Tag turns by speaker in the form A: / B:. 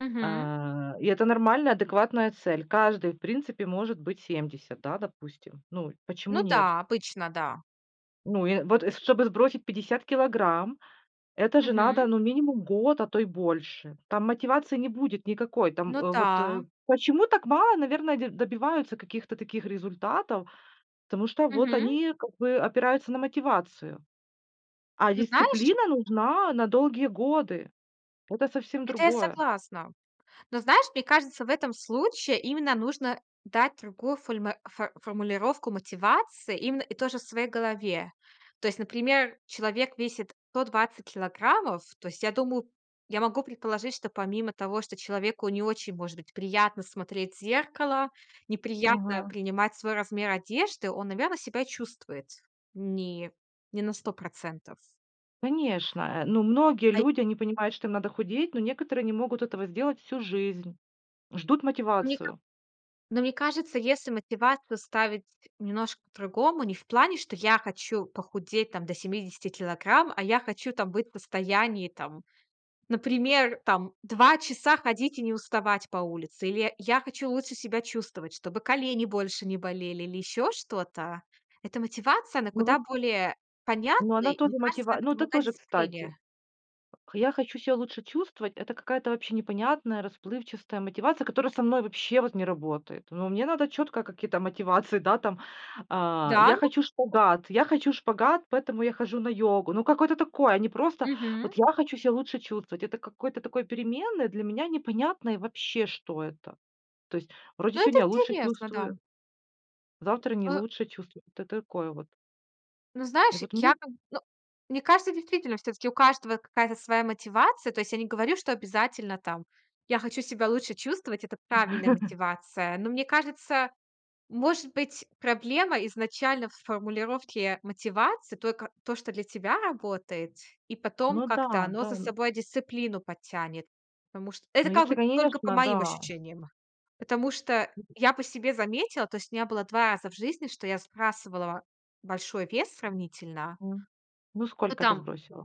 A: Мгм.
B: А, и это нормальная адекватная цель. Каждый, в принципе, может быть 70, да, допустим. Ну, почему
A: Ну
B: нет?
A: да, обычно, да.
B: Ну, и, э, вот, и чтобы сбросить 50 килограмм, это же надо,
A: Мгм.
B: ну, минимум год, а то и больше. Там мотивации не будет никакой. Там,
A: Ну
B: э, вот
A: да.
B: Почему так мало, наверное, дь добиваются каких-то таких результатов? Потому что вот
A: Мгм.
B: они как бы опираются на мотивацию, а
A: Ну, знаешь
B: дисциплина нужна на долгие годы. Это совсем
A: Это я
B: другое.
A: согласна. Но, знаешь, мне кажется, в этом случае именно нужно дать другую фольма фо формулировку мотивации именно и тоже в своей голове. То есть например, человек весит 120 килограммов. То есть я думаю я могу предположить, что помимо того, что человеку не очень может быть приятно смотреть в зеркало, неприятно
B: Мгм.
A: принимать свой размер одежды, он, наверно, себя чувствует ни не на 100 %.
B: Конечно, э, но многие
A: Ай
B: люди, они понимают, что им надо худеть, но некоторые не могут этого сделать всю жизнь, ждут
A: Мне ка
B: мотивацию.
A: но мне кажется, если мотивацию ставить немножко по-другому, не в плане, что я хочу похудеть там до 70 килограмм, а я хочу там быть в состоянии, там, например, там 2 часа ходить и не уставать по улице, или я я хочу лучше себя чувствовать, чтобы колени больше не болели или ещё что-то. Эта мотивация, она
B: Ну
A: куда
B: вот
A: более
B: Ну
A: понятная.
B: она
A: И мне
B: тоже
A: кажется,
B: мотива
A: это
B: ну это
A: помогает
B: тоже, кстати.
A: дисциплине.
B: Я хочу себя лучше чувствовать- это какая-то вообще непонятная, расплывчатая мотивация, которая со мной вообще вот не работает. Ну, мне надо четко какие-то мотивации, да, там, а:
A: Да
B: "Я
A: ну.
B: хочу шпагат я хочу шпагат, поэтому я хожу на йогу". Ну, какое-то такое, а не просто:
A: Мгм.
B: "Вот я хочу себя лучше чувствовать". Это какой-то такой переменной, для меня непонятно и вообще, что это. То есть, вроде
A: Ну это
B: сегодня я лучше
A: интересно, да.
B: чувствую завтра не
A: Э
B: лучше чувствую. Вот это такое вот.
A: Ну,
B: И
A: знаешь,
B: вот мне
A: я как бы ну, мне кажется, действительно, всё-таки у каждого какая-то своя мотивация. То есть я не говорю, что обязательно там Я хочу себя лучше чувствовать. Это правильная мотивация. Но мне кажется, может быть, проблема изначально в формулировке мотивации, только то, что для тебя работает, и потом
B: Ну да,
A: как-то оно
B: да.
A: за собой и дисциплину подтянет. Потому что
B: Ну
A: это как
B: если,
A: бы только по
B: конечно,
A: моим
B: да.
A: ощущениям. Потому что я по себе заметила, то есть у меня было 2 раза в жизни, что я сбрасывала большой вес сравнительно
B: М, ну,
A: Ну,
B: сколько ты
A: там
B: сбросила?